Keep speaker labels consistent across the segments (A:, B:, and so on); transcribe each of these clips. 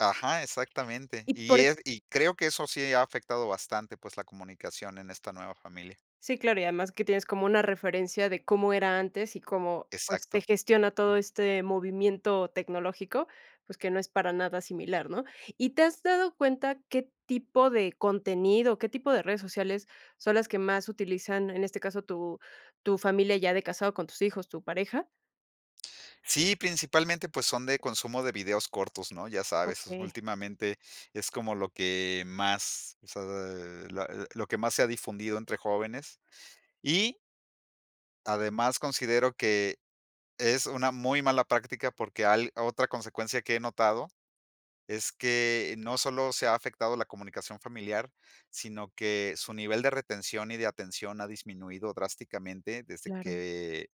A: Ajá, exactamente.
B: Y
A: Y,
B: por
A: es y creo que, eso sí ha afectado bastante, pues, la comunicación en esta nueva familia.
B: Sí, claro, y además que tienes como una referencia, de cómo era antes, y cómo, pues, se
A: Exacto.
B: gestiona todo
A: Mm.
B: este movimiento tecnológico, pues, que no es para nada similar, ¿no? ¿Y te has dado cuenta, qué tipo de contenido, qué tipo de redes sociales, son las que más utilizan, en este caso, tu tu familia ya de casado, con tus hijos, tu pareja?
A: Sí, principalmente, pues, son de consumo de videos cortos, ¿no? Ya sabes,
B: Okey.
A: últimamente, es como lo que más o sea, eh, la lo que más se ha difundido entre jóvenes. Y además, considero que es una muy mala práctica, porque, al otra consecuencia que he notado es que no solo se ha afectado la comunicación familiar, sino que su nivel de retención y de atención ha disminuido drásticamente, desde
B: Claro.
A: que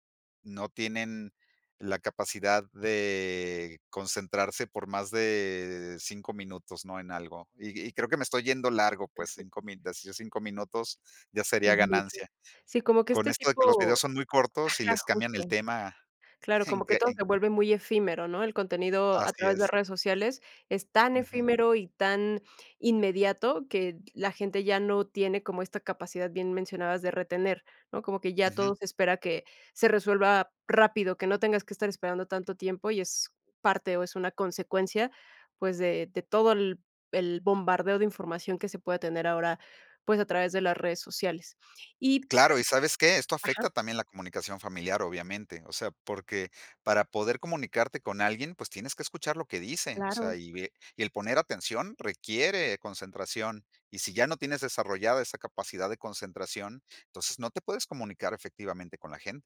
A: no tienen la capacidad de concentrarse por más de 5 minutos, ¿no? En algo. Y y creo que me estoy yendo largo, pues 5 min de así 5 minutos, ya sería
B: Es mucho.
A: ganancia.
B: Sí, como que
A: Con
B: este
A: esto de que los videos
B: tipo
A: son muy cortos, y
B: ajá,
A: les cambian el
B: justo.
A: tema
B: Claro,
A: en
B: como que
A: que,
B: todo,
A: en
B: se vuelve muy efímero, ¿no? El contenido a
A: Así
B: través de
A: es.
B: redes sociales, es tan
A: Ujú.
B: efímero, y tan inmediato, que la gente ya no tiene, como esta capacidad, bien mencionabas, de retener, ¿no? Como que ya
A: Ujú.
B: todo, se espera que se resuelva rápido, que no tengas que estar esperando tanto tiempo, y es parte, o es una consecuencia, pues, de de todo, el el bombardeo de información, que se pueda tener ahora, pues, a través de las redes sociales. Y
A: Claro, ¿y sabes qué? Esto
B: Ajá.
A: afecta también la comunicación familiar, obviamente. O sea, porque, para poder comunicarte con alguien, pues, tienes que escuchar lo que dice, o sea,
B: Claro.
A: y ve y el poner atención requiere concentración. Y si ya no tienes desarrollada esa capacidad de concentración, entonces no te puedes comunicar efectivamente con la gen